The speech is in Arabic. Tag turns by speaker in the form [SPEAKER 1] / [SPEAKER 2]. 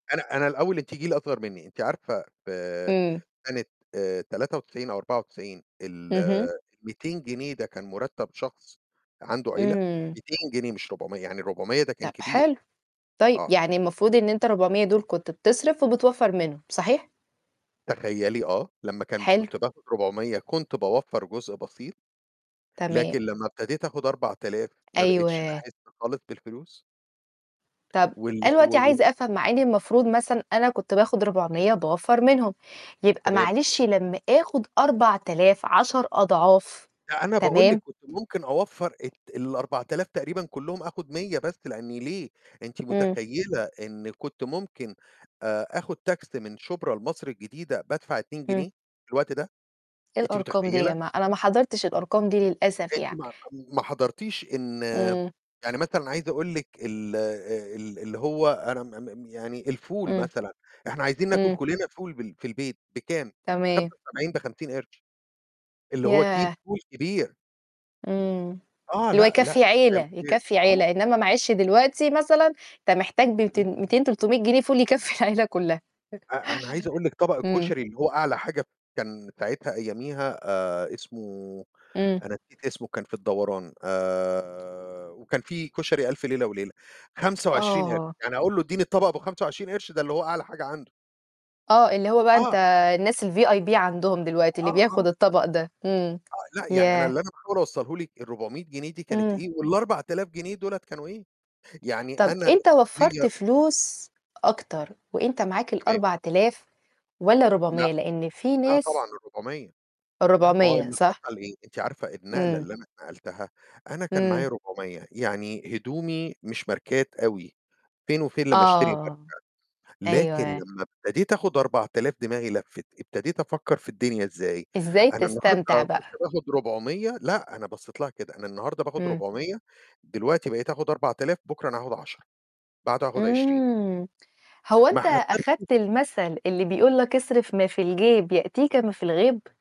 [SPEAKER 1] أنا أنا الأول أنتِ جيل أصغر منّي. أنتِ عارفة في في
[SPEAKER 2] امم.
[SPEAKER 1] سنة آآ 93 أو 94، ال
[SPEAKER 2] اهم.
[SPEAKER 1] ال200 جنيه ده كان مُرتب شخص عنده عيلة؟
[SPEAKER 2] امم.
[SPEAKER 1] 200 جنيه مش 400، يعني ال400 ده كان
[SPEAKER 2] طب
[SPEAKER 1] كبير.
[SPEAKER 2] حلو. طيب
[SPEAKER 1] آه.
[SPEAKER 2] يعني المفروض إن أنت 400 دول كنت بتصرف وبتوفر منهم. صحيح؟
[SPEAKER 1] تخيلي آه، لمّا كان ب
[SPEAKER 2] حلو.
[SPEAKER 1] كنت باخد 400 كنت باوفّر جزء بسيط،
[SPEAKER 2] تمام.
[SPEAKER 1] لكن لمّا ابتديت آخد 4000 ما بقيتش
[SPEAKER 2] أيوه.
[SPEAKER 1] أحس خالص بالفلوس.
[SPEAKER 2] طب
[SPEAKER 1] وال
[SPEAKER 2] أنا
[SPEAKER 1] و
[SPEAKER 2] دلوقتي
[SPEAKER 1] وال
[SPEAKER 2] عايزة أفهم مع إني المفروض مثلًا أنا كنت باخد
[SPEAKER 1] [unintelligible]
[SPEAKER 2] 400 وباوفّر منهم. يبقى
[SPEAKER 1] تمام،
[SPEAKER 2] معلش
[SPEAKER 1] تمام.
[SPEAKER 2] لمّا آخد 4000، 10 أضعاف.
[SPEAKER 1] لأ أنا باقول لِك
[SPEAKER 2] تمام؟
[SPEAKER 1] كنت ممكن أوفّر الت ال4000 تقريبًا كلّهم، آخد 100 بس، لأن ليه؟ أنتِ
[SPEAKER 2] امم.
[SPEAKER 1] متخيلة إن كنت ممكن آآ آخد تاكسي من شبرا لمصر الجديدة بادفع 2
[SPEAKER 2] امم.
[SPEAKER 1] جنيه؟ في الوقت ده؟
[SPEAKER 2] إيه
[SPEAKER 1] أنتِ
[SPEAKER 2] الأرقام دي يا
[SPEAKER 1] متخيلة؟
[SPEAKER 2] جماعة؟ أنا ما حضرتش الأرقام دي للأسف
[SPEAKER 1] أنتِ
[SPEAKER 2] يعني.
[SPEAKER 1] ما ما حضرتيش إن
[SPEAKER 2] امم.
[SPEAKER 1] يعني مثلًا عايز أقول لِك ال ال اللي هو أنا م م م يعني الفول
[SPEAKER 2] امم.
[SPEAKER 1] مثلًا، إحنا عايزين ناكل
[SPEAKER 2] إمم.
[SPEAKER 1] كلّنا فول بال في البيت، بكام؟ بخمسة
[SPEAKER 2] تمام.
[SPEAKER 1] وسبعين، ب50 قِرش. اللي هو كيس
[SPEAKER 2] ياه!
[SPEAKER 1] فول كبير.
[SPEAKER 2] إمم.
[SPEAKER 1] آه
[SPEAKER 2] اللي هو
[SPEAKER 1] لأ، لأ.
[SPEAKER 2] يكفي عيلة،
[SPEAKER 1] [unintelligible] آه،
[SPEAKER 2] يكفي
[SPEAKER 1] آه،
[SPEAKER 2] عيلة، إنما
[SPEAKER 1] آه.
[SPEAKER 2] معلش دلوقتي مثلًا أنت محتاج
[SPEAKER 1] امم.
[SPEAKER 2] ب200، 200، 300 جنيه فول يكفي العيلة كلّها.
[SPEAKER 1] أ أنا عايز أقول لِك طبق
[SPEAKER 2] امم.
[SPEAKER 1] الكشري اللي هو أعلى حاجة كان ساعتها أياميها آآ اسمه،
[SPEAKER 2] إمم.
[SPEAKER 1] أنا نسيت اسمه كان في الدوران، آآ وكان في كشري ألف ليلة وليلة، 25 قِرش.
[SPEAKER 2] آه.
[SPEAKER 1] يعني أقول له اديني الطبق أبو 25 قِرش ده اللي هو أعلى حاجة عنده.
[SPEAKER 2] آه اللي هو بقى أنت
[SPEAKER 1] آه.
[SPEAKER 2] الناس الVIP عندهم دلوقتي اللي
[SPEAKER 1] آه، آه.
[SPEAKER 2] بياخد الطبق ده. إمم.
[SPEAKER 1] آه، لأ، يعني أنا
[SPEAKER 2] ياه!
[SPEAKER 1] اللي أنا باحاول أوصله لِك ال400 جنيه دي كانت
[SPEAKER 2] امم.
[SPEAKER 1] إيه وال4000 جنيه دُولة كانوا إيه. يعني
[SPEAKER 2] طب
[SPEAKER 1] أنا
[SPEAKER 2] أنت وفّرت
[SPEAKER 1] [unintelligible]
[SPEAKER 2] فلوس أكتر وأنت معاك
[SPEAKER 1] تمام.
[SPEAKER 2] ال4000 والّا
[SPEAKER 1] لأ.
[SPEAKER 2] 400؟ لأن في
[SPEAKER 1] لأ
[SPEAKER 2] ناس
[SPEAKER 1] طبعًا ال400. ما هو
[SPEAKER 2] ال400
[SPEAKER 1] اللي
[SPEAKER 2] صح؟
[SPEAKER 1] حصل إيه؟ أنتِ عارفة النقلة
[SPEAKER 2] امم.
[SPEAKER 1] اللي أنا اتنقلتها؟ أنا كان
[SPEAKER 2] امم.
[SPEAKER 1] معايا 400. يعني هدومي مش ماركات أوي، فين وفين لمّا أشتري ماركة،
[SPEAKER 2] آه.
[SPEAKER 1] لكن
[SPEAKER 2] أيوه.
[SPEAKER 1] لمّا ابتديت آخد 4000 دماغي لفِّت. ابتديت أفكر في الدنيا إزاي.
[SPEAKER 2] إزاي
[SPEAKER 1] أنا
[SPEAKER 2] تستمتع
[SPEAKER 1] النهاردة كنت
[SPEAKER 2] بقى؟
[SPEAKER 1] باخد 400 لأ، أنا بصيت لها كده، أنا النهاردة باخد
[SPEAKER 2] امم.
[SPEAKER 1] 400، دلوقتي بقيت آخد 4000 بُكرة أنا هاخد 10، بعده هاخد 20.
[SPEAKER 2] إمم. هو
[SPEAKER 1] ما
[SPEAKER 2] أنت
[SPEAKER 1] حسبتش
[SPEAKER 2] أخدت المثل اللي بيقول لك: "اصرف ما في الجيب يأتيك ما في الغيب"؟